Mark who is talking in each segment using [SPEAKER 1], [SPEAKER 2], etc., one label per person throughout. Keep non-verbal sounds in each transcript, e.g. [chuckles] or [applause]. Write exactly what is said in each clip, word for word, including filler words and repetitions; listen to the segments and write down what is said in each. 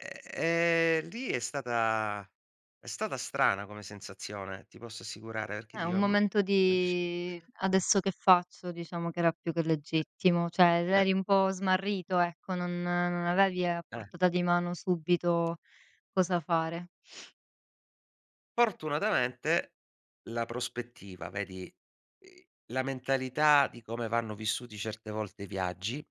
[SPEAKER 1] Ehm, ehm, lì è stata è stata strana come sensazione, ti posso assicurare, rché
[SPEAKER 2] È un
[SPEAKER 1] dio, mhmm,.
[SPEAKER 2] momento
[SPEAKER 1] [unintelligible]
[SPEAKER 2] di: "Adesso che faccio?" Diciamo che era più che legittimo, ceh er
[SPEAKER 1] Eh.
[SPEAKER 2] eri un po' smarrito, ecco, non non avevi a
[SPEAKER 1] Eh.
[SPEAKER 2] portata di mano subito cosa fare.
[SPEAKER 1] ortunatamente la prospettiva, vedi la mentalità di come vanno vissuti certe volte i viaggi,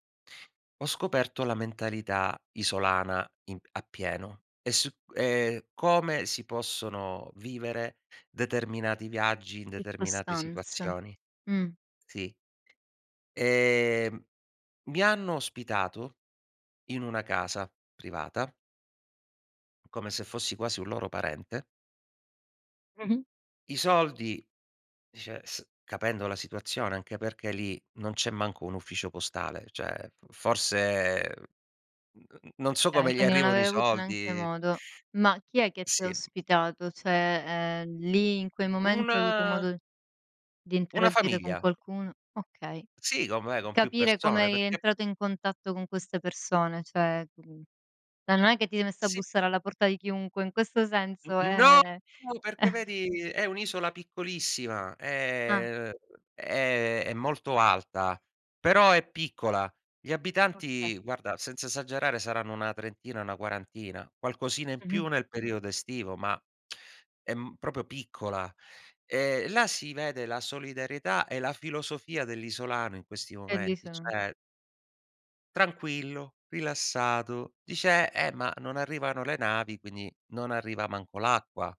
[SPEAKER 1] ho scoperto la mentalità isolana, in a pieno, e s e come si possono vivere determinati viaggi, in determinate
[SPEAKER 2] iccostanze,
[SPEAKER 1] situazioni.
[SPEAKER 2] mh.
[SPEAKER 1] Sì. Ehm, mi hanno ospitato in una casa privata come se fossi quasi un loro parente.
[SPEAKER 2] Mh-mh.
[SPEAKER 1] I soldi, [unintelligible] capendo la situazione, anche perché lì non c'è manco un ufficio postale, ceh f forse non so
[SPEAKER 2] kay,
[SPEAKER 1] come gli
[SPEAKER 2] quindi non
[SPEAKER 1] arrivano i
[SPEAKER 2] avei avuto neanche
[SPEAKER 1] soldi
[SPEAKER 2] modo. Ma chi è che t'ha
[SPEAKER 1] Sì.
[SPEAKER 2] ospitato? ceh, ehm, lì, in quei momenti, hai avuto
[SPEAKER 1] Una
[SPEAKER 2] modo di
[SPEAKER 1] una
[SPEAKER 2] interaddire con
[SPEAKER 1] famiglia.
[SPEAKER 2] qualcuno okay.
[SPEAKER 1] Sì, com'è con più
[SPEAKER 2] Capire
[SPEAKER 1] persone
[SPEAKER 2] come i
[SPEAKER 1] perché
[SPEAKER 2] entrato in contatto con queste persone, ceh eh, non è che ti sei messo a
[SPEAKER 1] Sì.
[SPEAKER 2] bussare alla porta di chiunque, in questo senso,
[SPEAKER 1] No!
[SPEAKER 2] ehm
[SPEAKER 1] Perché
[SPEAKER 2] [chuckles]
[SPEAKER 1] vedi è un'isola piccolissima,
[SPEAKER 2] Ah.
[SPEAKER 1] è è è è molto alta, però è piccola. Gli
[SPEAKER 2] Oka
[SPEAKER 1] abitanti, guarda, senza esagerare saranno una trentina, 'na quarantina, qualcosina in
[SPEAKER 2] Mh-mh.
[SPEAKER 1] più nel periodo estivo, ma è m propo piccola. Ehm, là si vede la solidarietà e la filosofia dell'isolano in questi
[SPEAKER 2] È
[SPEAKER 1] momenti,
[SPEAKER 2] l'isola.
[SPEAKER 1] ceh tranquillo, rilassato; dice: "Eh, ma non arrivano le navi, quindi non arriva manco l'acqua."